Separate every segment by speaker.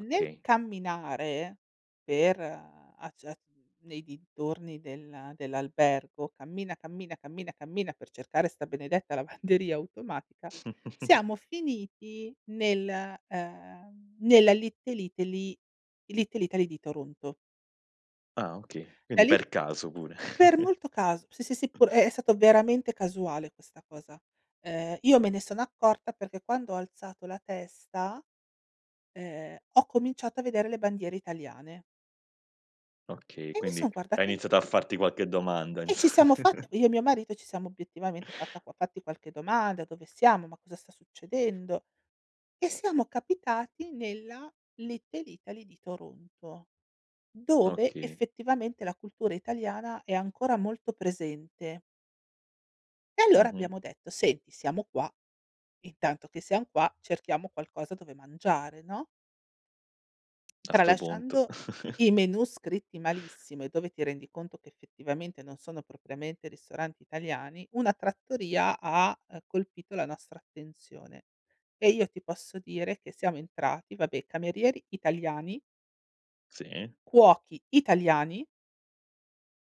Speaker 1: Nel camminare, per, uhm, a giar nei dintorni del dell'albergo, cammina, cammina, cammina, cammina, per cercare sta benedetta lavanderia automatica, siamo finiti nel uhm, nella Little Italy Little Italy di Toronto.
Speaker 2: Ah, okay.
Speaker 1: La
Speaker 2: Quindi
Speaker 1: Lit
Speaker 2: per caso pure.
Speaker 1: Per molto cas sì, sì, sì pure è stato veramente casuale questa cosa. Ehm, io me ne sono accorta perché quando ho alzato la testa, ehm, ho cominciato a vedere le bandiere italiane.
Speaker 2: Okay,
Speaker 1: E mi
Speaker 2: quindi
Speaker 1: son
Speaker 2: hai
Speaker 1: guardata in
Speaker 2: iniziato a farti qualche domanda
Speaker 1: E
Speaker 2: inso
Speaker 1: ci siamo fatti io e mio marito ci siamo obiettivamente fatta qua fatti qualche domanda: "Dove siamo? Ma cosa sta succedendo?" E siamo capitati nella Little Italy di Toronto, dove
Speaker 2: Okay.
Speaker 1: effettivamente la cultura italiana è ancora molto presente. E allora
Speaker 2: Mh-mh.
Speaker 1: abbiamo detto: "Senti, siamo qua. Intanto che siam qua cerchiamo qualcosa dove mangiare", no?
Speaker 2: A 'sto punto.
Speaker 1: Tralasciando i menù scritti malissimo e dove ti rendi conto che effettivamente non sono propriamente ristoranti italiani, una trattoria ha, uhm, colpito la nostra attenzione. E io ti posso dire che siamo entrati, vabbè, camerieri italiani.
Speaker 2: Sì.
Speaker 1: Cuochi italiani.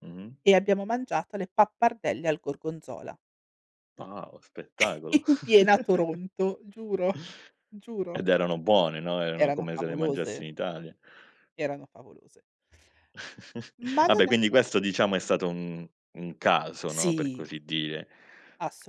Speaker 2: Mh-mh.
Speaker 1: E abbiamo mangiato le pappardelle al gorgonzola.
Speaker 2: Wow, spettacolo!
Speaker 1: In piena Toronto, giuro, giuro.
Speaker 2: Ed erano buone, no, erano
Speaker 1: Erano
Speaker 2: come se le
Speaker 1: favolose.
Speaker 2: mangiassi in Italia.
Speaker 1: Erano favolose. Ma non
Speaker 2: Vabbè,
Speaker 1: è
Speaker 2: quindi questo, diciamo, è stato un un caso, no, per
Speaker 1: Sì!
Speaker 2: così dire.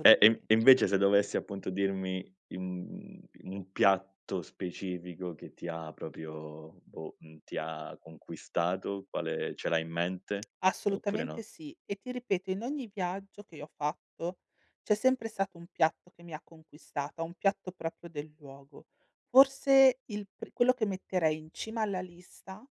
Speaker 2: E e e invece se dovessi appunto dirmi, i mhmm, un piatto specifico che ti ha proprio boh, mhmm, ti ha conquistato, quale ce l'hai in mente? Oppure
Speaker 1: Assolutamente
Speaker 2: no?
Speaker 1: sì. E ti ripeto, in ogni viaggio che io ho fatto c'è sempre stato un piatto che mi ha conquistata, un piatto proprio del luogo. Forse il pri quello che metterei in cima alla lista